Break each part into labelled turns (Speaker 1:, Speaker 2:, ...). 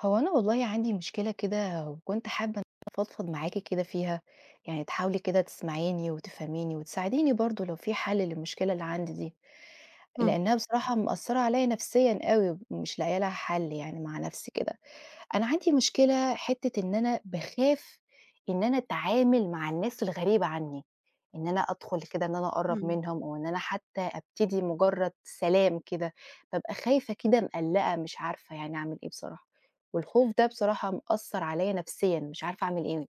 Speaker 1: هو أنا والله عندي مشكلة كده، وكنت حابة إن أنا أفضفض معاكِ كده فيها، يعني تحاولي كده تسمَعيني وتفهَميني وتساعديني برضه لو في حَلّ للمشكلة اللي عندي دي،
Speaker 2: إمم.
Speaker 1: لإنها بصراحة مأثرة عليّا نفسيًا أوي، ومش لاقية لها حَل يعني مع نَفْسي كده، أنا عندي مشكلة حتّة إن أنا باخاف إن أنا أتعامل مع الناس الغريبة عني، إن أنا أدخُل كده إن أنا أقرّب
Speaker 2: إمم.
Speaker 1: منهم أو إن أنا حتى أبتدي مجرد سلام كده، بابقى خايفة كده مقلّقة مش عارفة يعني أعمل إيه بصراحة، والخوف ده بصراحة مأثر عليّا نفسيًا، مش عارفة أعمل إيه.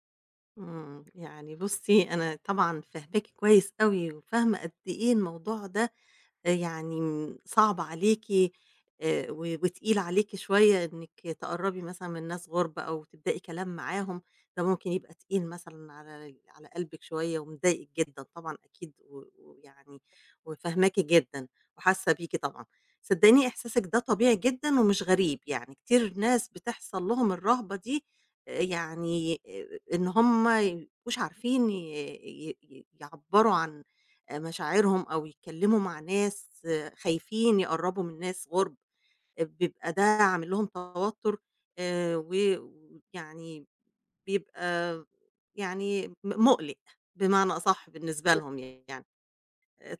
Speaker 2: إمم، يعني بُصي أنا طبعًا فاهماكِ كويس أوي، وفاهمة قد إيه الموضوع ده يعني، امم صعب عليكِ، آآ، و وتقيل عليكِ شوية إنِك تقرّبي مثلًا من ناس غُرب أو تبدئي كلام معاهم، ده ممكن يبقى تقيل مثلًا على على قلبِك شوية ومضايقِك جدًا طبعًا أكيد، و و ويعني وفاهماكِ جدًا وحاسة بيكِ طبعًا، صدقيني إحساسِك ده طبيعي جدًا ومش غريب، يعني كتير ناس بتحصَل لهم الرهبة دي يعني آآ إن هُم ما يبقوش عارفين ي ي ي يعبّروا عن مشاعرهم أو يتكلموا مع ناس خايفين يقرّبوا من ناس غُرب، بيبقى ده عامل لهم توتر، آآ، و و ويعني بيبقى يعني م مُقلق بمعنى أصح بالنسبة
Speaker 1: إمم.
Speaker 2: لهم يعني،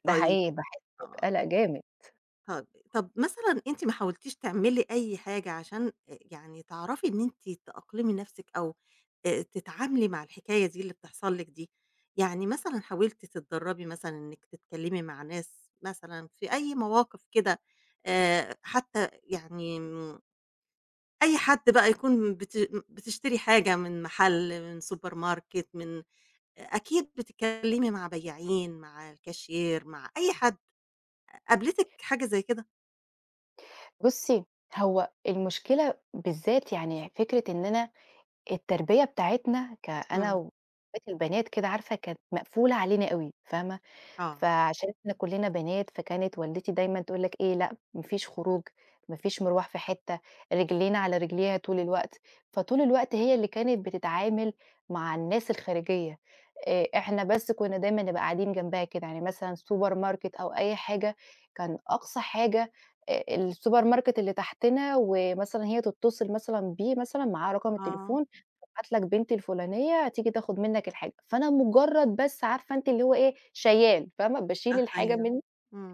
Speaker 1: ده
Speaker 2: طيب
Speaker 1: حقيقي، باحس
Speaker 2: آه.
Speaker 1: بقلق جامد.
Speaker 2: [unintelligible] طَب مثلًا أنتِ ما حاولتيش تعملي أي حاجة عشان، آآ، يعني تعرفي إن أنتِ تأقْلمي نَفْسِك أو، آآ، تتعاملي مع الحكاية دي اللي بتحصل لِك دي؟ يعني مثلًا حاولتِ تتدرّبي مثلًا إنِّك تتكلّمي مع ناس مثلًا في أي مواقف كده، آآ، حتى يعني، إمم، أي حد بقى يكون بت بتشتري حاجة من محل من Supermarket من أكيد بتكلّمي مع بياعين، مع الCashier مع أي حد قابلتِك حاجة زي كده؟
Speaker 1: بُصي، هو المشكلة بالذات يعني فكرة إن أنا التربية بتاعتنا، كأنا
Speaker 2: إمم.
Speaker 1: واخواتي البنات كده عارفة كانت مقفولة علينا أوي فاهمة؟
Speaker 2: آه.
Speaker 1: فعشان إحنا كُلِّنا بنات، فكانت والدتي دايمًا تقول لك إيه لأ ما فيش خروج ما فيش مرْواح في حتّة رجلينا على رجليها طول الوقت، فطول الوقت هي اللي كانت بتتعامل مع الناس الخارجية، آآ، إحنا بس كُنّا دايمًا نبقى قاعدين جنبها كده يعني مثلًا Supermarket أو أي حاجة كان أقصى حاجة، آآ، الSupermarket اللي تحْتنا، ومثلًا هي تتّصل مثلًا بيه مثلًا معاه رقم
Speaker 2: آه.
Speaker 1: التليفون هابعت لك بنتي الفلانية هتيجي تاخد منّك الحاجة، فأنا مجرد بس عارفة أنتِ اللي هو إيه؟ شيال فاهمة؟ باشيل
Speaker 2: [unintelligible]
Speaker 1: الحاجة
Speaker 2: أيوه،
Speaker 1: من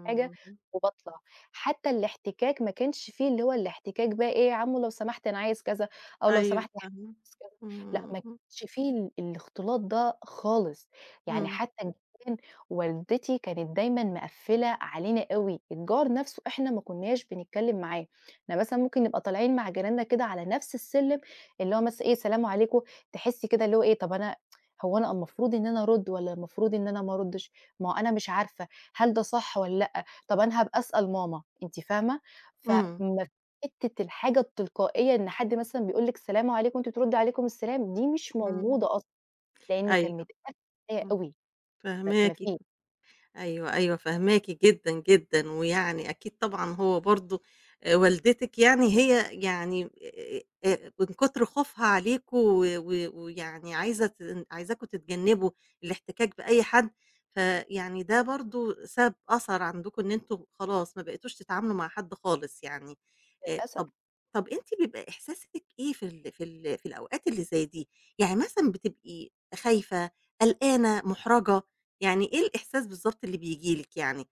Speaker 1: الحاجة، وباطلع حتى الاحتكاك ما كانش فيه اللي هو الاحتكاك بقى إيه يا عمّو لو سمحت أنا عايز كذا، أو لو
Speaker 2: أيوه،
Speaker 1: سمحت
Speaker 2: فاهمة،
Speaker 1: [unintelligible] لأ ما
Speaker 2: إمم.
Speaker 1: كانش فيه ال الاختلاط ده خالص يعني
Speaker 2: إمم.
Speaker 1: حتى كان والدتي كانت دايمًا مقفّلة علينا أوي الجار نَفْسه إحنا ما كُنّاش بنتكلّم معاه، إحنا مثلًا ممكن نبقى طالعين مع جيراننا كده على نَفْس السلم، اللي هو مثلًا إيه سلام عليكم تحسّي كده اللي هو إيه طب أنا هو أنا المفروض إن أنا أرُد، والّا المفروض إن أنا ما أردِّش ما هو أنا مش عارفة هل ده صح والّا لأ طَب أنا هابقى أسأل ماما أنتِ فاهمة؟ ف
Speaker 2: إمم.
Speaker 1: ما حتّة الحاجة التلقائيّة إن حد مثلًا بيقول لِك سلام عليكم وأنتِ تردّي عليكم السلام دي مش
Speaker 2: إمم،
Speaker 1: موجودة أصلًا، لإن
Speaker 2: أيوه،
Speaker 1: كان متقفّل [unintelligible]
Speaker 2: إمم،
Speaker 1: أوي ما ما
Speaker 2: فاهماكِ
Speaker 1: في
Speaker 2: أيوه، أيوه فاهماكِ جدًا، جدًا ويعني أكيد طبعًا هو برضه، آآ، والدتِك يعني هي يعني، آآ آآ من كتر خوفها عليكم و و ويعني عايزة تن عايزاكم تتجنبوا الاحتكاك بأي حد، فيعني ده برضه ساب أثر عندكم إن أنتم خلاص ما بقيتوش تتعاملوا مع حد خالص يعني، آآ،
Speaker 1: للأسف.
Speaker 2: طَب طَب أنتِ بيبقى إحساسِك إيه في ال في ال في الأوقات اللي زي دي؟ يعني مثلًا بتبقي خايفة؟ قلقانة؟ مُحْرجة؟ يعني إيه الإحساس بالضبط اللي بييجي لِك يعني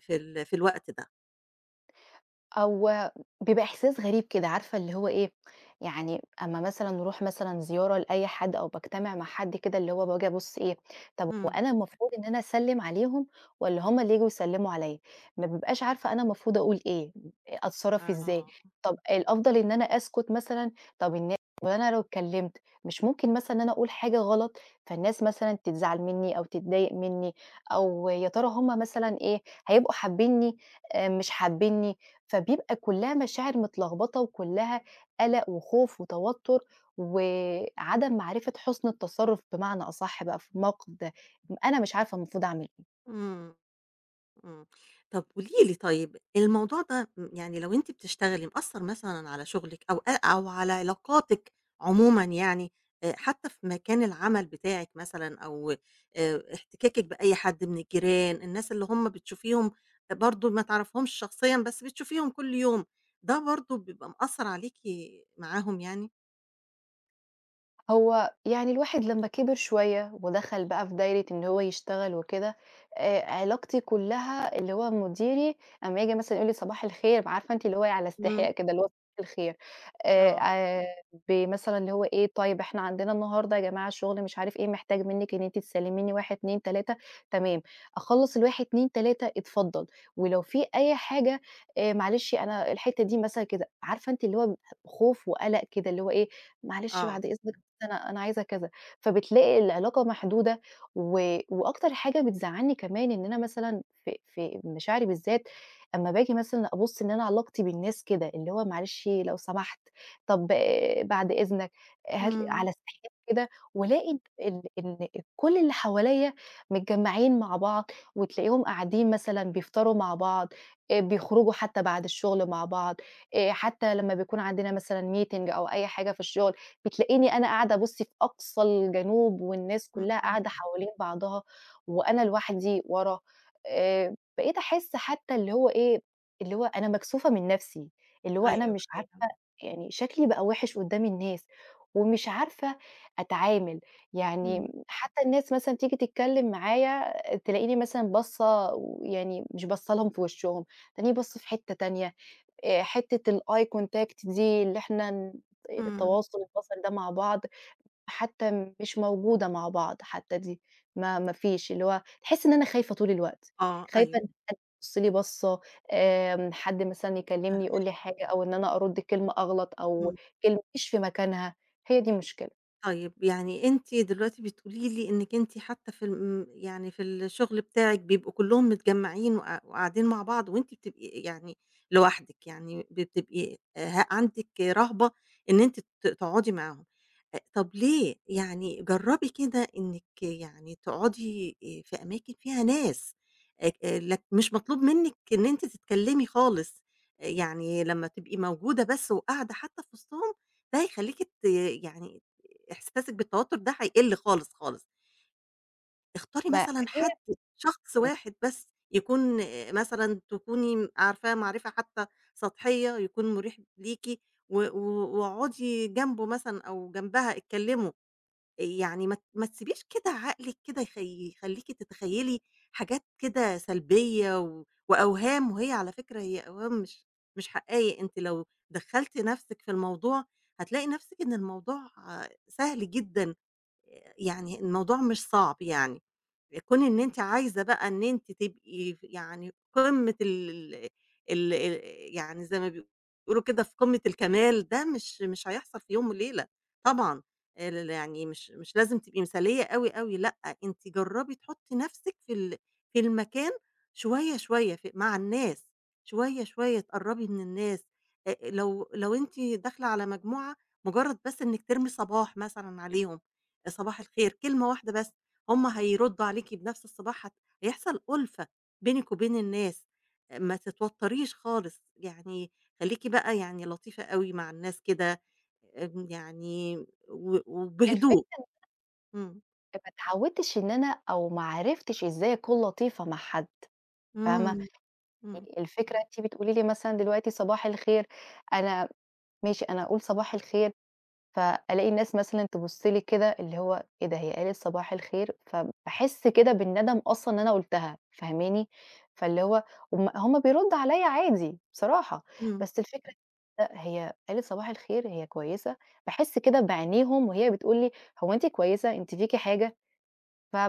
Speaker 2: في ال في الوقت ده؟
Speaker 1: هو بيبقى إحساس غريب كده، عارفة اللي هو إيه، يعني أمّا مثلًا نروح مثلًا زيارة لأي حد أو باجتمع مع حد كده اللي هو باجي أبُص إيه، طَب هو
Speaker 2: امم.
Speaker 1: أنا المفروض إن أنا أسلّم عليهم، والّا هُم اللي ييجوا يسلموا عليّا، ما بابقاش عارفة أنا المفروض أقول إيه، أتصرّف إزاي،
Speaker 2: آه.
Speaker 1: طَب الأفضل إن أنا أسكت مثلًا، طَب النا وأنا لو اتكلّمت، مش ممكن مثلًا إن أنا أقول حاجة غلط، فالناس مثلًا تزعل مِنّي أو تتضايق مِنّي، أو يا ترى هُم مثلًا إيه، هيبقوا حابينني، آآ، مش حابينني، فبيبقى كلّها مشاعر متلخبطة وكلّها، قلق وخوف وتوتّر، وعدم معرفة حُسّن التصرّف بمعنى أصح بقى في الموقف ده، أنا مش عارفة المفروض أعمل إيه.
Speaker 2: امم، امم، طَب قولي لي طيّب، الموضوع ده م يعني لو أنتِ بتشتغلي مأثّر مثلًا على شغلِك أو أ أو على علاقاتِك، عمومًا يعني، آآ، حتّى في مكان العمل بتاعِك مثلًا أو آآ، احتكاكِك بأي حد من الجيران الناس اللي هُم بتشوفيهم، برضو ما تعرفهمش شخصيًا بس بتشوفيهم كل يوم، ده برضو بيبقى مأثّر عليكِ معاهم يعني؟
Speaker 1: هو يعني الواحد لما كِبر شوية، ودخل بقى في دايرة إن هو يشتغل وكده، آآ علاقتي كلها اللي هو مديري أمّا ييجي مثلًا يقول لي صباح الخير، عارفة أنتِ، اللي هو على استحياء
Speaker 2: امم.
Speaker 1: كده، اللي هو صباح الخير إيه،
Speaker 2: آه.
Speaker 1: آآ آآ بمثلًا، اللي هو إيه، طيب إحنا عندنا النهاردة يا جماعة شغل مش عارف إيه، محتاج منِك إن أنتِ تسلميني 1 2 3، تمام، أخلّص ال1 2 3، اتفضل، ولو فيه أي حاجة، آآ معلشي أنا الحتّة دي مثلًا كده، عارفة أنتِ، اللي هو ب خوف وقلق كده، اللي هو إيه، معلش
Speaker 2: آه.
Speaker 1: بعد إذنك، بس أنا أنا عايزة كذا، فبتلاقي العلاقة محدودة، و واكتر حاجة بتزعلني كمان إن أنا مثلًا في في مشاعري، بالذات أما باجي مثلًا أبصّ إن أنا علاقتي بالناس كده، اللي هو معلش، لو سمحت، طب بعد إذنك، هات
Speaker 2: امم.
Speaker 1: على استحياء كده، وألاقي ال إن كل اللي حواليّا متجمعين مع بعض، وتلاقيهم قاعدين مثلًا بيفطروا مع بعض، آآ بيخرجوا حتى بعد الشغل مع بعض، آآ حتى لمّا بيكون عندنا مثلًا meeting أو أي حاجة في الشغل، بتلاقيني أنا قاعدة أبصّ في أقصى الجنوب، والناس
Speaker 2: امم،
Speaker 1: كلها
Speaker 2: امم.
Speaker 1: قاعدة حوالين بعضها، وأنا لوحدي ورا، آآ بقيت أحسّ حتى اللي هو إيه، اللي هو أنا مكسوفة من نَفسي، اللي هو
Speaker 2: أيوه،
Speaker 1: أنا مش عارفة
Speaker 2: أيوه.
Speaker 1: يعني شكلي بقى وِحِش قدام الناس، ومش عارفة أتعامل يعني،
Speaker 2: امم.
Speaker 1: حتى الناس مثلًا تيجي تتكلم معايا، تلاقيني مثلًا باصّة ويعني مش باصة لهم في وشهم، تلاقيني باصّة في حتة تانية، آآ حتة الeye contact دي، اللي إحنا ن
Speaker 2: امم.
Speaker 1: التواصل البصري ده مع بعض، حتى مش موجودة مع بعض، حتى دي ما ما فيش، اللي هو تحسِّ إن أنا خايفة طول الوقت،
Speaker 2: آه
Speaker 1: خايفة
Speaker 2: أيوه.
Speaker 1: إن حد يبصّ لي، باصّة آآ حد مثلًا يكلمني،
Speaker 2: فاهماكِ.
Speaker 1: يقول لي حاجة، أو إن أنا أرد كلمة أغلط، أو
Speaker 2: امم.
Speaker 1: كلمة مش في مكانها، هي دي المشكلة.
Speaker 2: طيب يعني أنتِ دلوقتي بتقول لي إنِك أنتِ حتى في ال امم يعني في الشغل بتاعِك، بيبقوا كلهم متجمعين، وق قاعدين مع بعض، وأنتِ بتبقي يعني لوحدِك، يعني بتبقي ه عندِك رهبة إن أنتِ ت تقعدي معاهم، آآ طب ليه؟ يعني جربي كده إنِك يعني تقعدِي آآ في أماكن فيها ناس، اك آآ لك مش مطلوب منِك إن أنتِ تتكلمي خالص، يعني لمّا تبقي موجودة بس، وقاعدة حتى في وسطهم، ده هيخليكِ ت يعني إحساسِك بالتوتر ده هيقِل خالص، خالص. اختاري
Speaker 1: ما
Speaker 2: مثلًا
Speaker 1: هي
Speaker 2: حد، شخص
Speaker 1: امم.
Speaker 2: واحد بس، يكون مثلًا تكوني عارفاه معرفة حتى سطحية، يكون مريح ليكِ، و و واقعدي جنبه مثلًا، أو جنبها اتكلموا، يعني ما ت ما تسيبيش كده عقلِك كده يخ يخليكِ تتخيلي حاجات كده سلبية، و وأوهام، وهي على فكرة هي أوهام مش مش حقايق، أنتِ لو دخَّلتِ نفسِك في الموضوع، هتلاقي نفسِك إن الموضوع سهل جدًا، يعني الموضوع مش صعب، يعني كون إن أنتِ عايزة بقى إن أنتِ تبقي ف يعني قمّة ال ال ال يعني زي ما بي بيقولوا كده في قمّة الكمال، ده مش مش هيحصل في يوم وليلة طبعًا، ل ل يعني مش مش لازم تبقي مثالية أوي، أوي، لأ، أنتِ جرّبي تحطي نفسِك في ال في المكان شوية، شوية، في مع الناس شوية، شوية، اتقربي من الناس، آآ لو لو أنتِ داخلة على مجموعة، مجرد بس إنِك ترمي صباح مثلًا عليهم، صباح الخير، كلمة واحدة بس، هُم هيردوا عليكِ بنفس الصباح، ه هيحصل أُلفة بينِك وبين الناس، ما تتوتريش خالص يعني، خليكِ بقى يعني لطيفة أوي مع الناس كده يعني، و
Speaker 1: الفكرة
Speaker 2: وبهدوء،
Speaker 1: إن أنا
Speaker 2: امم.
Speaker 1: فما اتعودتش إن أنا أو ما عرفتش إزاي أكون لطيفة مع حد، فاهمة؟
Speaker 2: امم، امم.
Speaker 1: يعني الفكرة أنتِ بتقولي لي مثلًا دلوقتي صباح الخير، أنا ماشي أنا أقول صباح الخير، فألاقي الناس مثلًا تبُصّ لي كده، اللي هو إيه ده، هي قالت صباح الخير؟ فباحسّ كده بالندم أصلًا إن أنا قلتها، فاهماني؟ فاللي هو هُم هُم بيردوا علي عادي بصراحة،
Speaker 2: امم.
Speaker 1: بس الفكرة [unintelligible] هي قالت صباح الخير؟ هي كويسة؟ باحسّ كده بعينيهم وهي بتقول لي، هو أنتِ كويسة؟ أنتِ فيكِ حاجة؟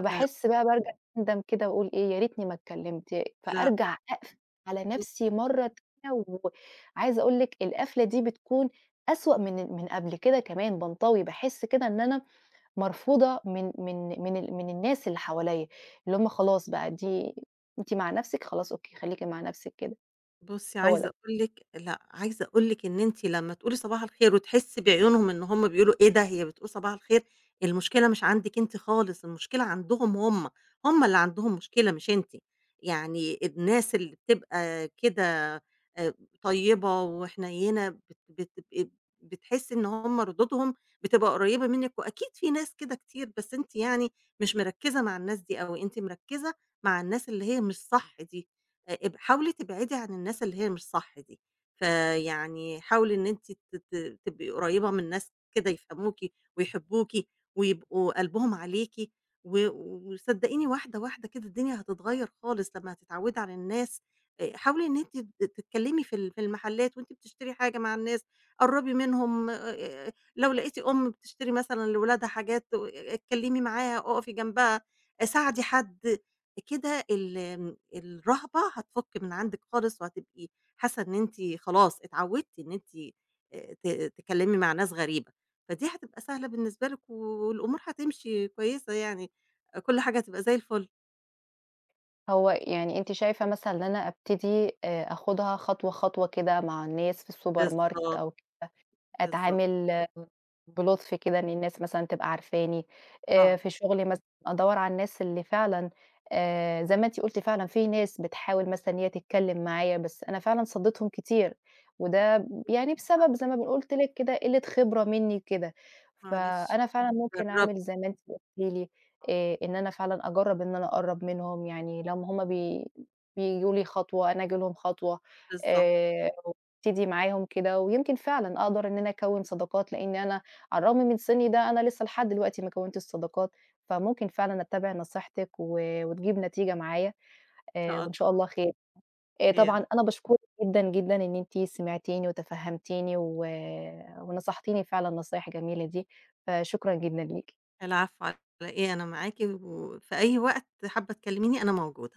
Speaker 2: لأ.
Speaker 1: بقى، بارجع أندم كده، وأقول إيه يا ريتني ما اتكلمت، ي
Speaker 2: لأ.
Speaker 1: فأرجع أقفل على نفسي
Speaker 2: بُصي
Speaker 1: مرة تانية، وعايزة أقول لِك القفلة دي بتكون أسوأ من من قبل كده كمان، بانطوي، باحسّ كده إن أنا مرفوضة من من من ال من الناس اللي حواليّا، اللي هُم خلاص بقى، دي أنتِ مع نفسِك خلاص، أوكي خليكِ مع نفسِك كده،
Speaker 2: بُصي،
Speaker 1: هو
Speaker 2: عايزة
Speaker 1: ده.
Speaker 2: أقول لِك لأ عايزة أقول لِك إن أنتِ لمّا تقولي لي صباح الخير، وتحسّي بعيونهم إن هُم بيقولوا إيه ده، هي بتقول صباح الخير؟! المشكلة مش عندِك أنتِ خالص، المشكلة عندهم هُم، هُم اللي عندهم مشكلة، مش أنتِ، يعني الناس اللي بتبقى كده آآ طيبة وحنينة، بت بت بتبقي بتحسّي إن هُم ردودهم بتبقى قريبة منِك، وأكيد فيه ناس كده كتير، بس أنتِ يعني مش مركزة مع الناس دي أوي، أنتِ مركزة مع الناس اللي هي مش صح دي، اب حاولي تبعدي عن الناس اللي هي مش صح دي، فيعني حاولي إن أنتِ ت ت تبقي قريبة من ناس كده يفهموكِ، ويحبوكِ، ويبقوا قلبهم عليكِ، و وصدقيني واحدة واحدة كده الدنيا هتتغيّر خالص، لمّا هتتعودي على الناس، آآ حاولي إن أنتِ ت تتكلمي في ال في المحلات، وأنتِ بتشتري حاجة، مع الناس، قرّبي منهم، لو لقيتِ أم بتشتري مثلًا لولادها حاجات، آآ آآ اتكلمي معاها، اقفي جنبها، ساعدي حد كده، ال الرهبة هتفُك من عندِك خالص، وهتبقي حاسّة إن أنتِ خلاص اتعودتِ إن أنتِ آآ ت تتكلمي مع ناس غريبة، فدي هتبقى سهلة بالنسبة لِك، والأمور هتمشي كويسة يعني، كل حاجة هتبقى زي الفل.
Speaker 1: هو يعني أنتِ شايفة مثلًا إن أنا أبتدي آآ، آخدها خطوة خطوة كده مع الناس في الsupermarket
Speaker 2: بالضبط.
Speaker 1: أو كده
Speaker 2: بالضبط.
Speaker 1: أتعامل بلطف كده إن الناس مثلًا تبقى عارفاني؟ آآ،
Speaker 2: آه.
Speaker 1: في شغلي مثلًا أدوّر على الناس اللي فعلًا آآ، زَي ما أنتِ قُلتِ فعلًا في ناس بتحاول مثلًا إن هي تتكلم معايا بس أنا فعلًا صدّيتهم كتير، وده يعني بسبب
Speaker 2: آه.
Speaker 1: زَي ما ب قُلت لِك كده قِلة خبرة مني كده.
Speaker 2: معلش،
Speaker 1: فأنا فعلًا ممكن أعمل
Speaker 2: جرّبي.
Speaker 1: زَي ما أنتِ قُلتِ لي
Speaker 2: آه.
Speaker 1: آآ، إن أنا فعلًا أجرّب إن أنا أقرّب منهم، يعني لمّا هُم بي بييجوا لي خطوة أنا آجي لهم خطوة
Speaker 2: بالضبط.
Speaker 1: آآ، وأبتدي معاهم كده، ويمْكِن فعلًا أقدَر إن أنا أكوّن صداقات، لإن أنا على الرغم من سِني ده أنا لسه لحد دلوقتي ما كوّنتش صداقات، فممكن فعلًا أتبّع نصيحتِك، و وتجيب نتيجة معايا
Speaker 2: إن شاء
Speaker 1: آآ وإن شاء
Speaker 2: الله.
Speaker 1: الله خير.
Speaker 2: خير.
Speaker 1: طبعًا أنا باشكرِك جدًا، جدًا إن أنتِ سِمعتيني وتفهمتيني و ونصحتيني فعلًا النصايح الجميلة دي، فشكرًا جدًا ليكِ.
Speaker 2: العفو، على إيه، أنا معاكِ وفي أي وقت حابة تكلميني أنا موجودة.